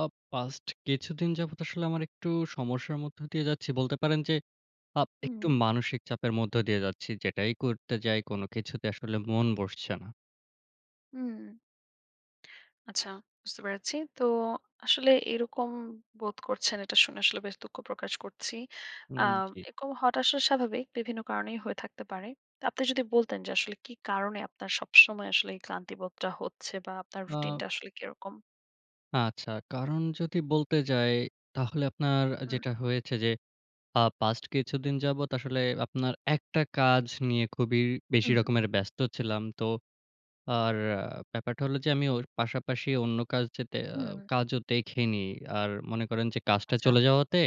আ past কিছুদিন যাবত, আসলে আমার একটু সমস্যার মধ্য দিয়ে যাচ্ছি। বলতে পারেন যে আপ একটু হুম। মানসিক চাপের মধ্য দিয়ে যাচ্ছি। যেটাই করতে যাই, কোন কিছুতে আসলে মন বসছে না। হুম। আচ্ছা বুঝতে পেরেছি। তো আসলে এরকম বোধ করছেন। এটা শুনে আসলে বেশ দুঃখ প্রকাশ করছি। হুম আম জ্বী। এরকম হওয়াটা আসলে স্বাভাবিক, বিভিন্ন কারণেই হয়ে থাকতে পারে। তো আপনি যদি বলতেন যে আসলে কি কারণে, আপনার সবসময় আসলে এই ক্লান্তিবোধটা হচ্ছে? বা আপনার রুটিন আ টা আসলে কিরকম? আচ্ছা। কারণ যদি বলতে যাই, তাহলে আপনার আ হুম। যেটা হয়েছে যে, আ পাস্ট কিছুদিন যাবত আসলে আপনার একটা কাজ নিয়ে, খুবই বেশি হুম। রকমের ব্যস্ত ছিলাম। তো আর ব্যাপারটা হলো যে, আমি ওর পাশাপাশি অন্য কাজ যেটা আ হুম। কাজও দেখিনি। আর মনে করেন যে কাজটা আচ্ছা। চলে যাওয়াতে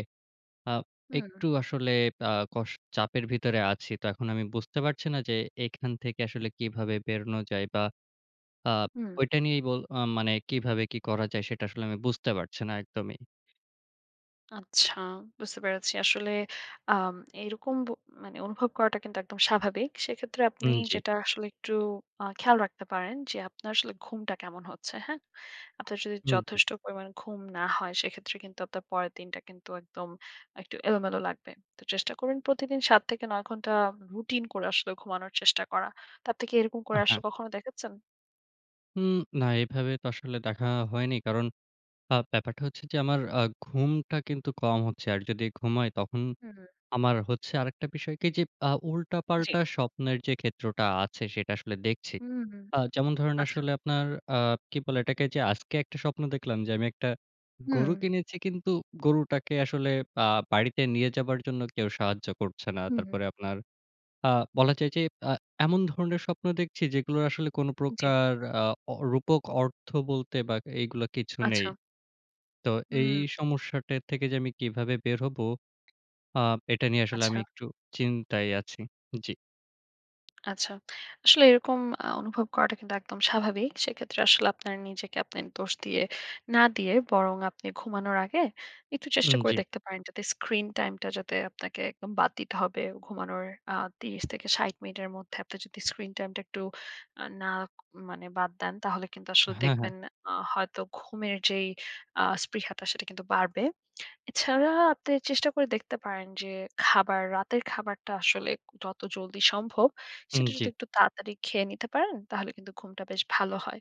আ হুম। একটু আসলে আ কষ চাপের ভিতরে আছি। তো এখন আমি বুঝতে পারছি না যে, এখান থেকে আসলে কিভাবে বেরোনো যায়? বা আপ হুম। ওইটা নিয়েই বোল আম মানে কিভাবে, কি করা যায়? সেটা আসলে আমি বুঝতে পারছি না একদমই। আচ্ছা, বুঝতে পেরেছি। আসলে আম এরকম বো মানে অনুভব করাটা কিন্তু একদম স্বাভাবিক। সেক্ষেত্রে, আপনি হুম জ্বী। যেটা আসলে একটু আ খেয়াল রাখতে পারেন, যে আপনার আসলে ঘুমটা কেমন হচ্ছে, হ্যাঁ? আপনার যদি হুম জি। যথেষ্ট পরিমাণে ঘুম না হয়, সেক্ষেত্রে কিন্তু আপনার পরের দিনটা কিন্তু একদম, একটু এলোমেলো লাগবে। তো চেষ্টা করবেন প্রতিদিন, ৭ থেকে নয় ঘন্টা রুটিন করে, আসলে ঘুমানোর চেষ্টা করা। তা আপনি কি এরকম আ করে হ্যাঁ। আসলে কখনো দেখেছেন? উম না, এভাবে তো আসলে দেখা হয়নি। কারণ আ ব্যাপারটা হচ্ছে যে, আমার আ ঘুমটা কিন্তু কম হচ্ছে। আর যদি ঘুমাই, তখন হুম, হুম। আমার হচ্ছে আরেকটা বিষয় কি? যে, আ জি। উল্টাপাল্টা স্বপ্নের যে ক্ষেত্রটা আছে, সেটা আসলে দেখছি। হুম, হুম। অ্যাঁ যেমন ধরেন, আচ্ছা। আসলে আপনার আ কি বলে এটাকে? যে আজকে ১টা স্বপ্ন দেখলাম, যে আমি ১টা গরু হুম। কিনেছি। কিন্তু গরুটাকে আসলে আ বাড়িতে নিয়ে যাবার জন্য, কেউ সাহায্য করছে না। হুম, হুম। তারপরে আপনার, আ বলা যায় যে আ এমন ধরনের স্বপ্ন দেখছি, যেগুলোর আসলে কোন জি। প্রকার আ অ রূপক অর্থ বলতে, বা এগুলা কিছু নেই। আচ্ছা। তো এই হুম। সমস্যাটা থেকে যে আমি কিভাবে বের হবো? আ এটা নিয়ে আসলে আমি আচ্ছা। একটু চিন্তায় আছি। জি। আচ্ছা। আসলে এরকম আ অনুভব করাটা কিন্তু একদম স্বাভাবিক। সেক্ষেত্রে আসলে আপনার নিজেকে আপনে দোষ দিয়ে না দিয়ে, বরং আপনি ঘুমানোর আগে, একটু চেষ্টা হুম, করে জি। দেখতে পারেন, যাতে screen time টা যাতে আপনাকে একদম বাদ দিতে হবে। ঘুমানোর আ ৩০ থেকে ৬০ মিনিটের মধ্যে, আপনি যদি screen time টা একটু আ না মানে বাদ দেন, তাহলে কিন্তু আসলে হ্যাঁ, হ্যাঁ। দেখবেন, আ হয়তো ঘুমের যেই আ স্পৃহাটা সেটা কিন্তু বাড়বে। এছাড়া আপনি চেষ্টা করে দেখতে পারেন যে খাবার, রাতের খাবারটা আসলে, যত জলদি সম্ভব, হুম, সেটা জি। যদি একটু তাড়াতাড়ি খেয়ে নিতে পারেন, তাহলে কিন্তু ঘুমটা বেশ ভালো হয়।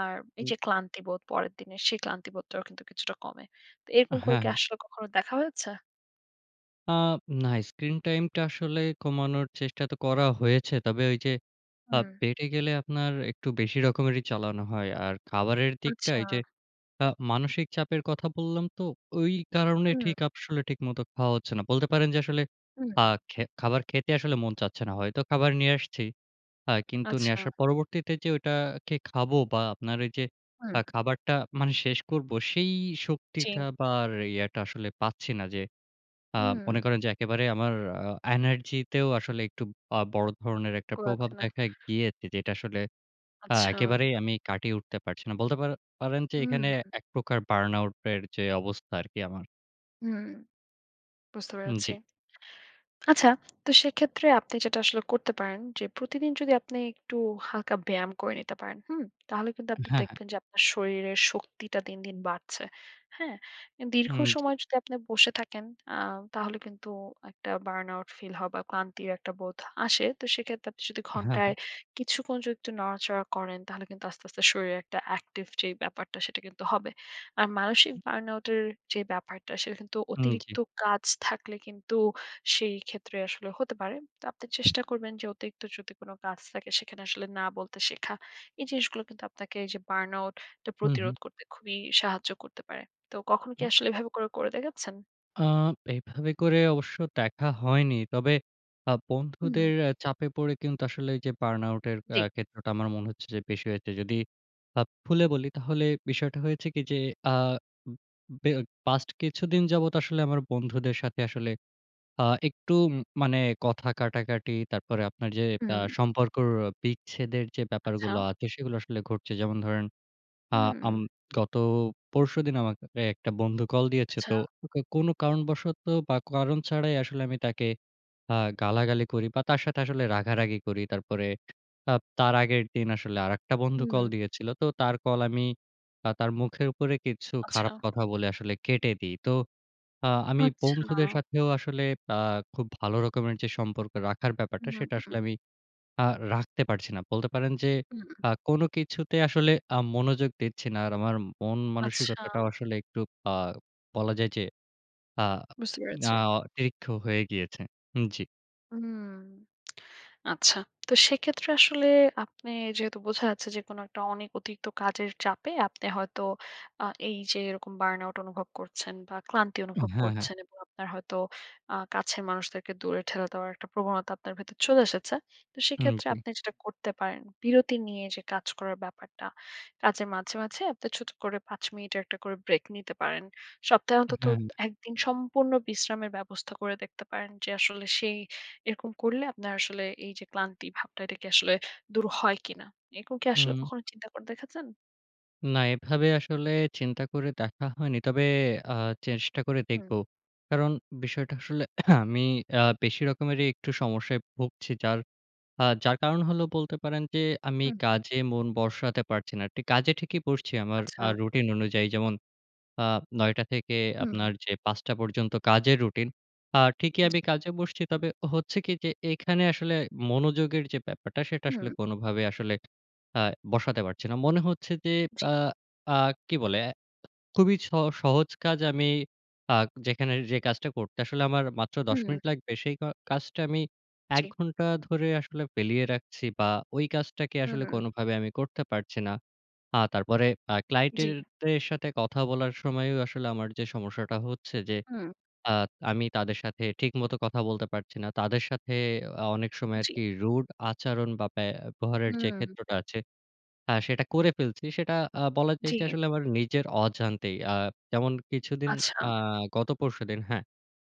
আর এই হু। যে ক্লান্তিবোধ, পরের দিনে সেই ক্লান্তিবোধটাও কিন্তু কিছুটা কমে। তো এরকম হ্যাঁ, করে কি হ্যাঁ। আসলে কখনো দেখা হয়েছে? আ না। স্ক্রিন টাইমটা আসলে কমানোর চেষ্টা তো করা হয়েছে। তবে ওই যে আ হুম। পেটে গেলে আপনার একটু বেশি রকমেরই চালানো হয়। আর খাবারের দিকটা আচ্ছা। এই যে আ মানসিক চাপের কথা বললাম তো। ওই কারণে হুম। ঠিক আসলে ঠিক মতো খাওয়া হচ্ছে না। বলতে পারেন যে আসলে হুম। আ খে খাবার খেতে আসলে মন চাচ্ছে না। হয়তো খাবার নিয়ে আসছি। আ কিন্তু নিয়ে আচ্ছা। আসার পরবর্তীতে যে ঐটা কে খাবো বা আপনার এই যে হুম। আ খাবারটা মানে শেষ করব। সেই জি। শক্তিটা বা ইয়াটা আসলে পাচ্ছি না। যে আ হুম। মনে করেন যে একেবারে আমার আ এনার্জিতেও আসলে একটু আ বড় ধরনের একটা ও প্রভাব আচ্ছা না। দেখা গিয়েছে। যেটা আসলে আ আচ্ছা। একেবারেই আমি কাটিয়ে উঠতে পারছি না। বলতে পার পারেন যে হুম, এখানে হু। একপ্রকার burn out এর যে অবস্থা আরকি আমার। হুম। বুঝতে উম জি। পেরেছি। আচ্ছা, তো সেক্ষেত্রে আপনি যেটা আসলে করতে পারেন। যে প্রতিদিন যদি আপনি একটু হালকা ব্যায়াম করে নিতে পারেন, হুম? তাহলে কিন্তু অ্যা আপনি হ্যাঁ, হ্যাঁ। দেখবেন যে আপনার শরীরের শক্তিটা দিন, দিন বাড়ছে, হ্যাঁ? অ্যা দীর্ঘ হুম জি। সময় যদি আপনি বসে থাকেন আ তাহলে কিন্তু একটা burn out ফিল হয় বা ক্লান্তির একটা বোধ আসে। তো সেক্ষেত্রে আপনি যদি আ হ্যাঁ, হ্যাঁ। ঘন্টায় কিছুক্ষণ যদি একটু নাড়াচাড়া করেন, তাহলে কিন্তু আস্তে, আস্তে শরীরে একটা অ্যাকটিভ যে ব্যাপারটা সেটা কিন্তু হবে। আর মানসিক হু। burn out এর যে ব্যাপারটা। সেটা কিন্তু হুম জি। অতিরিক্ত কাজ থাকলে কিন্তু সেই ক্ষেত্রে আসলে হতে পারে। তো আপনি চেষ্টা করবেন যে অতিরিক্ত যদি কোন কাজ থাকে সেখানে আসলে না বলতে শেখা। এই জিনিসগুলো কিন্তু আপনাকে এই যে burn out টা হুম, প্রতিরোধ হুম। করতে খুবই সাহায্য করতে পারে। তো কখনো কি হু। আসলে এভাবে করে, করে দেখেছেন? আ এইভাবে করে অবশ্য দেখা হয়নি। তবে আ হুম। বন্ধুদের অ্যা চাপে পড়ে কিন্তু আসলে যে বার্ন-আউট এর আ জি। ক্ষেত্রটা আমার মনে হচ্ছে যে বেশি হয়েছে। যদি আপ ফুলে বলি তাহলে বিষয়টা হয়েছে কি আ উম উম বে অ পাস্ট কিছুদিন যাবত আসলে আমার বন্ধুদের সাথে আসলে আ একটু উম মানে কথা কাটাকাটি। তারপরে আপনার যে আ হুম। সম্পর্কর বিচ্ছেদের যে আচ্ছা। ব্যাপারগুলো আছে সেইগুলো আসলে ঘটছে। যেমন ধরেন আ আম হুম। গত পরশুদিন আমাকে এ একটা বন্ধু কল দিয়েছে। আচ্ছা। তো কো কোনো কারণবশত বা কারণ ছাড়াই। আসলে আমি তাকে আ গালাগালি করি বা তার সাথে আসলে রাগারাগি করি। তারপরে আ তার আগের দিন আসলে আরেকটা বন্ধু কল হুম। দিয়েছিলো। তো তার কল আমি তা তার মুখের উপরে কিছু খারাপ আচ্ছা। কথা বলে আসলে কেটে দেই। তো আ আমি বন্ধুদের আচ্ছা। সাথেও আসলে আ খুব ভালো রকমের যে সম্পর্ক রাখার ব্যাপারটা হুম, সেটা আসলে উম। আমি আ রাখতে পারছি না। বলতে পারেন যে উম। আ কোনো কিছুতে আসলে আ মনোযোগ দিচ্ছি না। আর আমার আচ্ছা। মন-মানসিকতাটাও আসলে একটু আ বলা যায় যে আ বুঝতে আ পেরেছি। অতিরিক্ত হয়ে গিয়েছে। হুম, জি। হুম। আচ্ছা। তো সেক্ষেত্রে আসলে আপনি যেহেতু বোঝা যাচ্ছে যে কোন একটা অনেক অতিরিক্ত কাজের চাপে আপনি হয়তো আ এই যে এরকম burn out অনুভব করছেন বা ক্লান্তি উম অনুভব হ্যাঁ, হ্যাঁ। করছেন। এবং আপনার হয়তো আ কাছের মানুষদেরকে দূরে ঠেলে দেওয়ার একটা প্রবণতা আপনার ভেতরে চলে এসেছে। তো হুম সেক্ষেত্রে জি। আপনি যেটা করতে পারেন, বিরতি নিয়ে যে কাজ করার ব্যাপারটা। কাজের মাঝে, মাঝে আপনি ছোট করে ৫ মিনিটের একটা করে ব্রেক নিতে পারেন। সপ্তাহে আ অন্তত হ্যাঁ। ১ দিন সম্পূর্ণ বিশ্রামের ব্যবস্থা করে দেখতে পারেন। যে আসলে সেই এরকম করলে আপনার আসলে এই যে ক্লান্তি ভাবটাম এটা কি আসলে দূর হয় কিনা? এরকম কি আসলে হুম। কখনো চিন্তা করে দেখাচ্ছেন? না এভাবে আসলে চিন্তা করে দেখা হয়নি। তবে আ চেষ্টা করে হু। দেখব। কারণ বিষয়টা আসলে আমি অ্যা বেশি রকমেরই একটু সমস্যায় ভুগছি। যার আ যার কারণ হল বলতে পারেন, যে আমি হু, হু। কাজে মন বসাতে পারছি না। কাজে ঠিকই বসছি আমার আ আচ্ছা। রুটিন অনুযায়ী। যেমন আ ৯ টা থেকে হুম। আপনার যে ৫ টা পর্যন্ত কাজের রুটিন। আ ঠিকই জি। আমি কাজে বসছি তবে হচ্ছে কি? যে, এখানে আসলে মনোযোগের যে ব্যাপারটা, সেটা আসলে হুম। কোনভাবেই আসলে আ বসাতে পারছি না। মনে হচ্ছে যে জি। আ আ কি বলে? অ্যা খুবই স সহজ কাজ আমি আ যেখানে যে কাজটা করতে আসলে আমার মাত্র ১০ হুম। মিনিট লাগবে, সেই ক কাজটা আমি ১ জি। ঘন্টা ধরে আসলে ফেলে রাখছি। বা ওই কাজটাকে আসলে হম। কোনভাবে আমি করতে পারছি না। আ তারপরে আ জি। ক্লায়েন্টদের সাথে কথা বলার সময়ও আসলে আমার যে সমস্যাটা হচ্ছে যে হুম। আ আমি তাদের সাথে ঠিক মতো কথা বলতে পারছি না। তাদের সাথে অ্যা অনেক সময় জি। আরকি rude আচরণ বা ব্যবহারের যে হম। ক্ষেত্রটা আছে, হ্যাঁ, সেটা করে ফেলছি। সেটা আ বলা যায় যে জি। আসলে আমার নিজের অজান্তেই। আ যেমন কিছুদিন আচ্ছা। আ গত পরশুদিন, হ্যাঁ?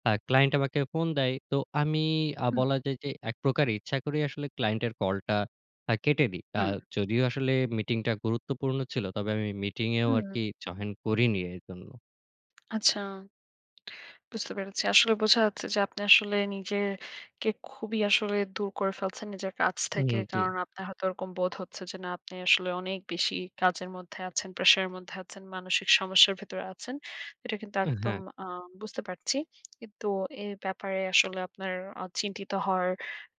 আ ক্লায়েন্ট আমাকে ফোন দেয়। তো আমি আ হুম। বলা যায় যে একপ্রকার ইচ্ছা করেই আসলে ক্লায়েন্টের কলটা আ কেটে দেই। আ হুম। যদিও আসলে মিটিংটা গুরুত্বপূর্ণ ছিল, তবে আমি মিটিং এও হুম। আরকি জয়েন করিনি এজন্য। আচ্ছা। বুঝতে পেরেছি। আসলে বোঝা যাচ্ছে যে আপনি আসলে নিজে কে খুবই আসলে দূর করে ফেলছেন নিজের কাজ উম থেকে। জি। কারণ আপনার হয়তো ঐরকম বোধ হচ্ছে যে না আপনি আসলে অনেক বেশি কাজের মধ্যে আছেন, pressure এর মধ্যে আছেন, মানসিক সমস্যার ভেতরে আছেন। এইটা কিন্তু একদম হ্যাঁ। আ বুঝতে পারছি। কিন্তু এ ব্যাপারে আসলে আপনার আ চিন্তিত হওয়ার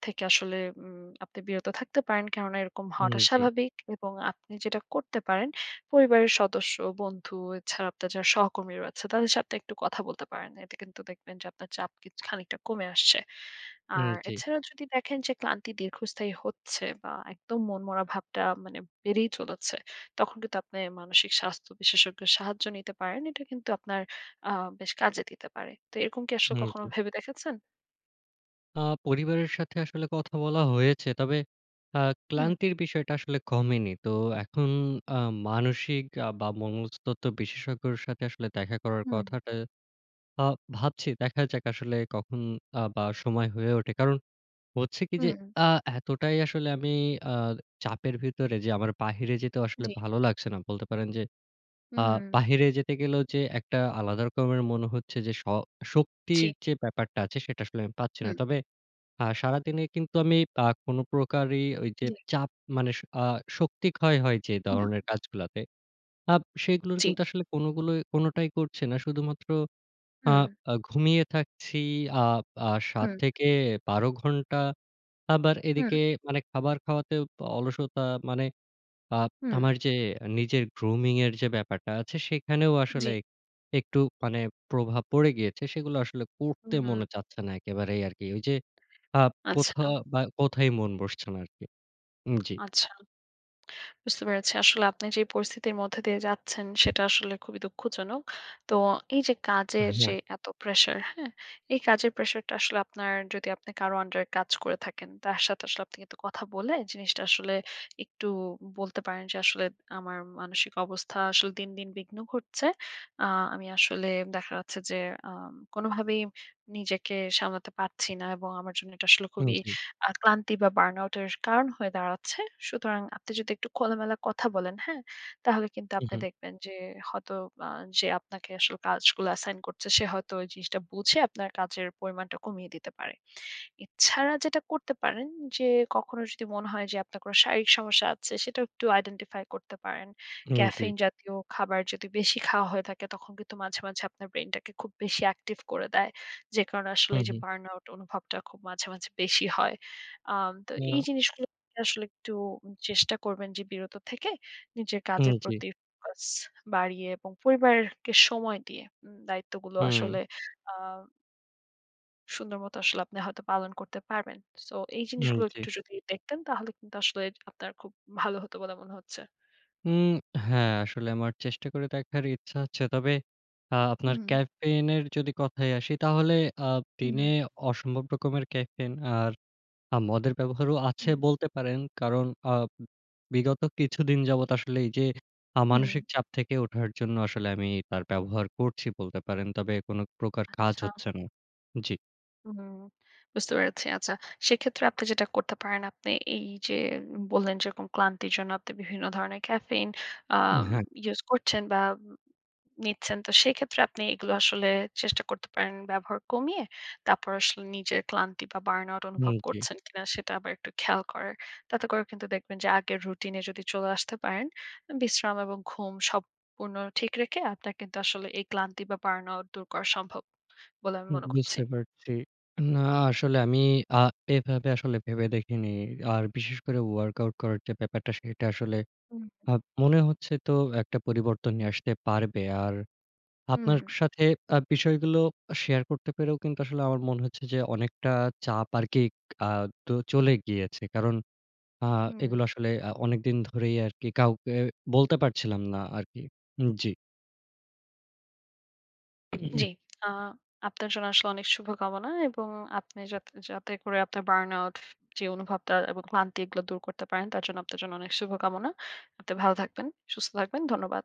থেকে আসলে উম আপনি বিরত থাকতে পারেন কেননা এরকম উম হওয়াটা জি। স্বাভাবিক। এবং আপনি যেইটা করতে পারেন, পরিবারের সদস্য, বন্ধু, এছাড়া আপনার যারা সহকর্মীরা আছে তাদের সাথে একটু কথা বলতে পারেন। এতে কিন্তু দেখবেন যে আপনার চাপ কিছ খানিকটা কমে আসছে। উম আর জি। এছাড়াও যদি দেখেন যে ক্লান্তি দীর্ঘস্থায়ী হচ্ছে বা একদম মনমরা ভাবটা মানে বেড়েই চলেছে, তখন কিন্তু আপনি মানসিক স্বাস্থ্য বিশেষজ্ঞের সাহায্য নিতে পারেন। এইটা কিন্তু আপনার আ বেশ কাজে দিতে পারে। তো এইরকম কি আসলে হুম কখনো জি। ভেবে দেখেছেন? আ পরিবারের সাথে আসলে কথা বলা হয়েছে। তবে আ হুম। ক্লান্তির বিষয়টা আসলে কমেনি। তো এখন আ মানসিক বা মনস্তত্ত্ব বিশেষজ্ঞর সাথে আসলে দেখা করার হুম। কথাটা আ ভাবছি। দেখা যাক আসলে কখন আ বা সময় হয়ে ওঠে। কারণ হচ্ছে কি? যে হুম। আ এতটাই আসলে আমি আ চাপের ভিতরে যে আমার বাহিরে যেতেও আসলে জি। ভালো লাগছে না। বলতে পারেন যে, আ উম। বাহিরে যেতে গেলেও যে একটা আলাদা রকমের মনে হচ্ছে যে শ জি। শক্তির যে ব্যাপারটা আছে সেইটা আসলে আমি পাচ্ছি না। হুম। তবে, আ সারাদিনে কিন্তু আমি আ কোনো প্রকারই ঐযে জি। চাপ মানে শ আ শক্তি ক্ষয় হয় যেই হুম। ধরনের কাজগুলাতে, আ সেইগুলোর জি। কিন্তু আসলে কোনোগুলোই কোনোটাই করছি না, শুধুমাত্র আ হুম। আ ঘুমিয়ে থাকছি, আপ আ সাত হুম। থেকে বারো ঘন্টা আবার হুম। এদিকে মানে খাবার খাওয়াতে অলসতা, মানে আ হুম। আমার যে নিজের grooming এর যে ব্যাপারটা আছে সেইখানেও আসলে জি। একটু মানে প্রভাব পড়ে গিয়েছে। সেগুলা আসলে করতে হুম। মনে চাচ্ছে না একেবারেই আরকি। ঐযে আ কোথা আচ্ছা। বা কোথাই মন বসছে না আরকি। উম জি। আচ্ছা। বুঝতে পেরেছি। আসলে আপনি যেই পরিস্থিতির মধ্যে দিয়ে যাচ্ছেন, সেটা আসলে খুবই দুঃখজনক। তো এইযে কাজের হ্যাঁ। যে এতো pressure হ্যাঁ? এই কাজের প্রেশারটা আসলে আপনার, যদি আপনি কারো under এ কাজ করে থাকেন, তার সাথে আসলে আপনি কিন্তু কথা বলে জিনিসটা আসলে একটু বলতে পারেন যে "আসলে আমার মানসিক অবস্থা আসলে দিন দিন বিঘ্ন ঘটছে। আ আমি আসলে দেখা যাচ্ছে যে আ কোনোভাবেই নিজেকে সামলাতে পারছি না, এবং আমার জন্য এটা আসলে উম খুবই জি। আ ক্লান্তি বা burnout এর কারণ হয়ে দাঁড়াচ্ছে।" সুতরাং আপনি যদি একটু খোলামেলা কথা বলেন হ্যাঁ? তাহলে কিন্তু হু, আপনি হুম। দেখবেন যে হয়তো আ যে আপনাকে আসলে কাজগুলো assign করছে সে হয়তো ঐ জিনিসটা বুঝে আপনার কাজের পরিমাণটা কমিয়ে দিতে পারে। এছাড়া যেটা করতে পারেন যে, কখনো যদি মনে হয় যে আপনার কোনো শারীরিক সমস্যা আছে সেটা একটু identify করতে পারেন। উম জি। caffein জাতীয় খাবার যদি বেশি খাওয়া হয়ে থাকে তখন কিন্তু মাঝে, মাঝে আপনার brain টাকে খুব বেশি active করে দেয়। যেই কারণে আসলে হুম, এইযে হুম। burnout অনুভবটা খুব মাঝে, মাঝে বেশি হয়। আম তো এই আহ জিনিসগুলোর থেকে আসলে একটু চেষ্টা করবেন যে বিরত থেকে, নিজের উম কাজের জি। প্রতি focus বাড়িয়ে এবং পরিবারকে সময় দিয়ে, দায়িত্বগুলো হুম। আসলে আ সুন্দরমতো আসলে আপনি হয়তো পালন করতে পারবেন। সো এই হুম, জিনিসগুলো জ্বী। একটু যদি দেখতেন তাহলে কিন্তু আসলে আপনার খুব ভালো হতো বলে মনে হচ্ছে। উম হ্যাঁ, আসলে আমার চেষ্টা করে দেখবার ইচ্ছা আছে। তবে আ আপনার হুম। caffeine এর যদি কথায় আসি আ তাহলে হুম। দিনে অসম্ভব রকমের caffeine আর আ মদের ব্যবহারও আছে হুম। বলতে পারেন। কারণ আ ব বিগত কিছুদিন যাবৎ আসলে এই যে আ হুম। মানসিক চাপ থেকে ওঠার জন্য আসলে আমি তার ব্যবহার করছি বলতে পারেন। তবে কোন প্রকার কাজ আচ্ছা। হচ্ছে না। জ্বী। হুম, বুঝতে পেরেছি। আচ্ছা। সেক্ষেত্রে আপনি যেটা করতে পারেন আপনি এই যে বললেন যেরকম ক্লান্তির জন্য আপনি বিভিন্ন ধরনের caffeine আম হ্যাঁ। ইউজ করছেন বা ম নিচ্ছেন। তো সেইক্ষেত্রে আপনি এইগুলো আসলে চেষ্টা করতে পারেন ব্যবহার কমিয়ে। তারপর আসলে নিজের ক্লান্তি বা burn out হুম, অনুভব জ্বী। করছেন কিনা সেটা আবার একটু খেয়াল করার। তাতে করে কিন্তু দেখবেন যে আগের রুটিন এ যদি চলে আসতে পারেন, বিশ্রাম এবং ঘুম সম পুর্ন ঠিক রেখে আপনার কিন্তু আসলে এই ক্লান্তি বা burn out দূর করা সম্ভব বলে আমি হুম, মনে করছি। বুঝতে পারছি। না আসলে আমি আ এভাবে আসলে ভেবে দেখিনি। আর বিশেষ করে work out করার যে ব্যাপারটা সেটা আসলে হুম। আ মনে হচ্ছে তো একটা পরিবর্তন নিয়ে আসতে পারবে। আর আপনার হুম। অ সাথে আ বিষয়গুলো শেয়ার করতে পেরেও কিন্তু আসলে আমার মনে হচ্ছে যে অনেকটা চাপ আরকি আ তো চলে গিয়েছে। কারণ আ এগুলো হুম। আসলে আ অনেকদিন ধরেই আরকি কাউকে বলতে পারছিলাম না আরকি। উম জী। জ্বি। আ আপনার জন্য আসলে অনেক শুভকামনা। এবং আপনি যাতে যাতে করে আপনার burn out যে অনুভবটা এবং ক্লান্তি এগুলো দূর করতে পারেন তার জন্য আপনার জন্য অনেক শুভকামনা। আপনি ভালো থাকবেন, সুস্থ থাকবেন। ধন্যবাদ।